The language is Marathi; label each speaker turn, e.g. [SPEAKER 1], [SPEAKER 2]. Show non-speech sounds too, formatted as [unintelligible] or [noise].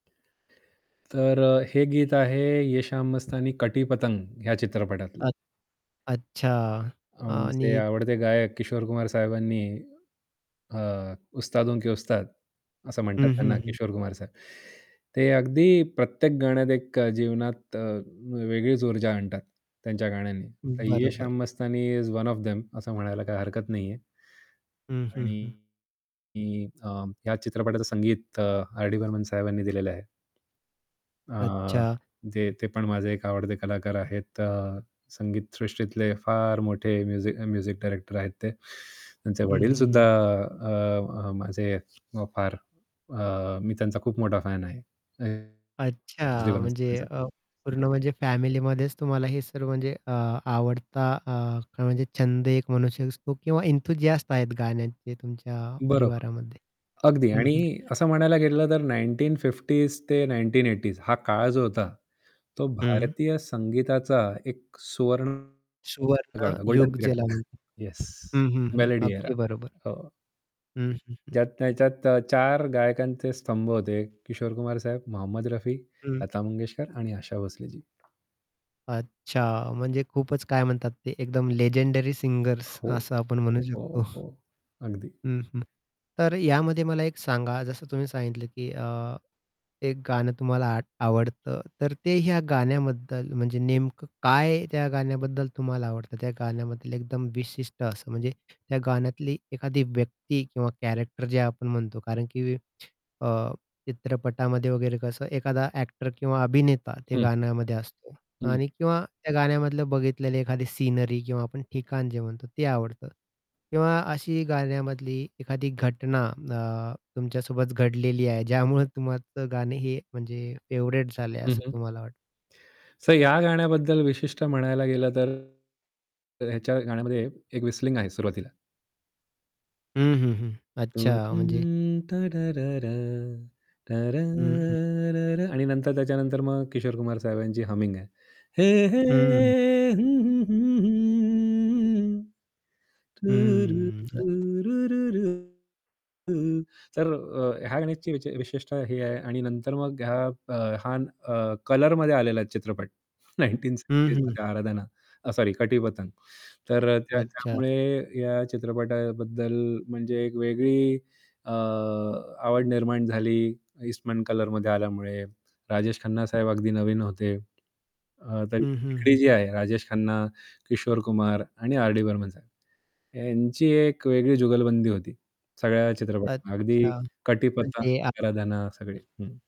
[SPEAKER 1] तर अ, हे गीत आहे "ये शाम मस्तानी" "कटी पतंग" ह्या चित्रपटातलं.
[SPEAKER 2] अ अच्छा
[SPEAKER 1] आमचे
[SPEAKER 2] आणि
[SPEAKER 1] आवडते गायक किशोर कुमार साहेबांनी अ, उस्तादों के उस्ताद असं म्हणतात
[SPEAKER 2] हं, हं,
[SPEAKER 1] त्यांना
[SPEAKER 2] हं.
[SPEAKER 1] किशोर कुमार साहेब. ते अगदी प्रत्येक गाण्यात एक अ, जीवनात अ, वेगळीच ऊर्जा आणतात त्यांच्या गाण्यांनी तर "ये
[SPEAKER 2] बरोबर.
[SPEAKER 1] Shaam Mastani" is one of them असं म्हणायला काही हरकत नाहीये.
[SPEAKER 2] हं, हं, हं.
[SPEAKER 1] आणि अ, या चित्रपटाचं संगीत अ, आर.डी बर्मन साहेबांनी दिलेलं आहे. अ,
[SPEAKER 2] अच्छा.
[SPEAKER 1] ते ते पण माझे एक आवडते कलाकार आहेत. संगीत सृष्टीतले फार मोठे म्युझि म्युझिक डायरेक्टर आहेत ते. त्यांचे
[SPEAKER 2] हं,
[SPEAKER 1] वडील
[SPEAKER 2] हं,
[SPEAKER 1] सुद्धा
[SPEAKER 2] हं.
[SPEAKER 1] अ, अ, माझे फार अ, मी त्यांचा खूप मोठा फॅन आहे. [unintelligible] एस.डी
[SPEAKER 2] अच्छा
[SPEAKER 1] बर्मन
[SPEAKER 2] म्हणजे
[SPEAKER 1] साहेबांचा.
[SPEAKER 2] अ, पूर्ण म्हणजे फॅमिलीमध्येच तुम्हाला हे सर्व म्हणजे अ, आवडता अ, म्हणजे छंद एक म्हणू शकतो किंवा एन्थूसियास्ट आहेत गाण्याचे तुमच्या
[SPEAKER 1] बरोबर.
[SPEAKER 2] परिवारामध्ये.
[SPEAKER 1] अगदी
[SPEAKER 2] हं, हं.
[SPEAKER 1] आणि असं म्हणायला गेलं तर 1950s ते 1980s हा काळ जो होता, तो
[SPEAKER 2] हं.
[SPEAKER 1] भारतीय संगीताचा एक सुवर्ण काळ होता. गोल्डन
[SPEAKER 2] सुवर्णयुग
[SPEAKER 1] पिरेड,
[SPEAKER 2] ज्याला म्हणतात.
[SPEAKER 1] येस.
[SPEAKER 2] हं, हं, हं.
[SPEAKER 1] Melody era.
[SPEAKER 2] अगदी बरोबर.
[SPEAKER 1] हो.
[SPEAKER 2] हं, हं,
[SPEAKER 1] ज्यात
[SPEAKER 2] हं.
[SPEAKER 1] ज्याच्यात 4 गायकांचे स्तंभ होते किशोर कुमार साहेब, मोहम्मद रफी,
[SPEAKER 2] हं.
[SPEAKER 1] लता मंगेशकर आणि आशा भोसले जी.
[SPEAKER 2] अच्छा म्हणजे खूपच काय म्हणतात ते एकदम लेजेंडरी सिंगर्स
[SPEAKER 1] हो.
[SPEAKER 2] असं आपण म्हणू शकतो.
[SPEAKER 1] हो, हो. अगदी.
[SPEAKER 2] हं, हं. तर यामध्ये मला एक सांगा, जसं तुम्ही सांगितलं, की अ, एक गाणं तुम्हाला आट आवडतं, तर ते ह्या गाण्याबद्दल म्हणजे नेमकं काय त्या गाण्याबद्दल तुम्हाला आवडतं? त्या गाण्याबद्दल एकदम विशिष्ट असं, म्हणजे त्या गाण्यातली एखादी व्यक्ती किंवा कॅरेक्टर जे आपण म्हणतो कारण की अ, चित्रपटामध्ये वगैरे कसं एखादा ॲक्टर किंवा अभिनेता ते
[SPEAKER 1] हं.
[SPEAKER 2] गाण्यामध्ये असतो
[SPEAKER 1] हं.
[SPEAKER 2] आणि किंवा त्या गाण्यामधलं बघितलेली एखादी सीनरी किंवा आपण ठिकाण जे म्हणतो ते आवडतं. किंवा अशी गाण्यामधली एखादी घटना अ, तुमच्या सोबत घडलेली आहे ज्यामुळे तुम्हाचं गाणं हे म्हणजे फेव्हरेट झालंय
[SPEAKER 1] हं,
[SPEAKER 2] असं
[SPEAKER 1] हं.
[SPEAKER 2] तुम्हाला वाटतं?
[SPEAKER 1] तर या गाण्याबद्दल विशिष्ट म्हणायला गेलं तर, तर ह्याच्या गाण्यामध्ये एक व्हिसलिंग आहे सुरुवातीला.
[SPEAKER 2] हं, हं, हं. अच्छा म्हणजे
[SPEAKER 1] [humming]
[SPEAKER 2] हं, हं.
[SPEAKER 1] आणि नंतर त्याच्यानंतर मग किशोर कुमार साहेबांची हमिंग आहे. हे हे
[SPEAKER 2] हं.
[SPEAKER 1] हं, हं, हं, हं. तूरु,
[SPEAKER 2] हम्म. अ
[SPEAKER 1] रु, रु, रु, रु. तर अ, ह्या गाण्याची विच विशिष्टता ही आहे आणि नंतर मग हा अ, हा अ, कलरमध्ये आलेला चित्रपट नाईनटीन
[SPEAKER 2] हं, हं.
[SPEAKER 1] सेवेंटीजमध्ये "आराधना" अ, सॉरी "कटी पतंग" तर अ,
[SPEAKER 2] अच्छा.
[SPEAKER 1] त्याच्यामुळे या चित्रपटाबद्दल म्हणजे एक वेगळी अ, आवड निर्माण झाली ईस्टमन कलरमध्ये आल्यामुळे, राजेश खन्ना साहेब अगदी नवीन होते अ, तर
[SPEAKER 2] हं, हं,
[SPEAKER 1] तिकडी
[SPEAKER 2] हं.
[SPEAKER 1] जी आहे राजेश खन्ना, किशोर कुमार, आणि आर-डी बर्मन साहेब यांची एक वेगळी जुगलबंदी होती सगळ्या चित्रपटामध्ये. अगदी
[SPEAKER 2] अच्छा
[SPEAKER 1] "कटी पतंग,"
[SPEAKER 2] म्हणजे आ
[SPEAKER 1] "आराधना" सगळी. हं.